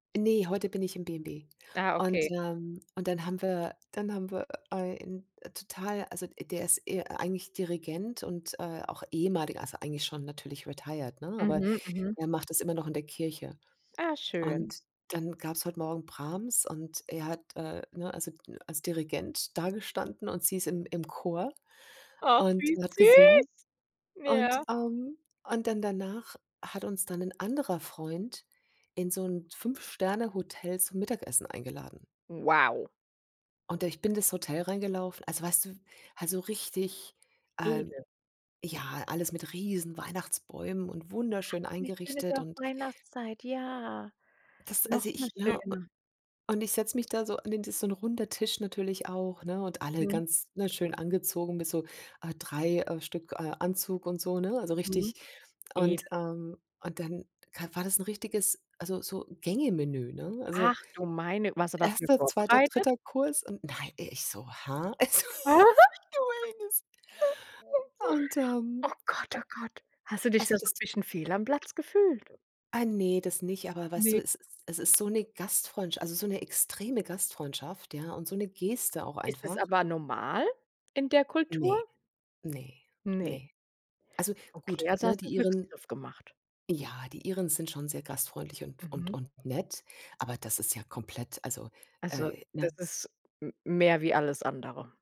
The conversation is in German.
Ne, heute bin ich im B&B. Ah, Und, okay. ähm, und dann haben wir dann haben wir ein, äh, total also der ist e eigentlich Dirigent und, äh, auch ehemaliger also eigentlich schon natürlich retired, ne, aber Mhm, mhm. er macht es immer noch in der Kirche. Ah, schön. Und dann gab's heute Morgen Brahms und er hat äh, ne, also, als Dirigent dagestanden und sie ist im im Chor Ach, und wie hat gesungen. süß. Und, Ja. ähm und dann danach hat uns dann 'n anderer Freund in so 'n 5-Sterne-Hotel zum Mittagessen eingeladen. Wow. Und ich bin das Hotel reingelaufen also weißt du, w also, richtig, äh Edel. ja, alles mit riesen Weihnachtsbäumen und wunderschön Ach, wie schön ist eingerichtet ja und auch Weihnachtszeit. Ja, das also noch mal ich ne u schöner. und ich setze mich da so an den das so 'n runder Tisch natürlich auch ne und alle Mh. ganz, ne, schön angezogen mit so, äh, 3, äh, Stück äh, Anzug und so, ne, also Mhm, richtig und, edel. ähm und dann k war das 'n richtiges also so Gänge Menü, ne? Also Ach du meine warst du dafür erster, zweiter, vorbereitet? dritter Kurs und nei ich so: „Hä?" Also,. Aha [unintelligible] Und, Oh ähm, Gott, ä oh Gott. Hast du dich also da so das 'n bisschen fehl am Platz gefühlt? Ah, ne, das nicht, aber weißt du, Ne. es es es ist so 'ne Gastfreundsch also so 'ne extreme Gastfreundschaft, ja, und so 'ne Geste auch Ist es einfach. aber normal in der Kultur? Ne, ne, ne. Ne. Also, gut, Okay, also ne, hast du die 'n Iren Glücksgriff gemacht? ja, die Iren sind schon sehr gastfreundlich und und Mhm. und nett, aber das ist ja komplett also, Also, äh, das ne? ist m mehr wie alles andere.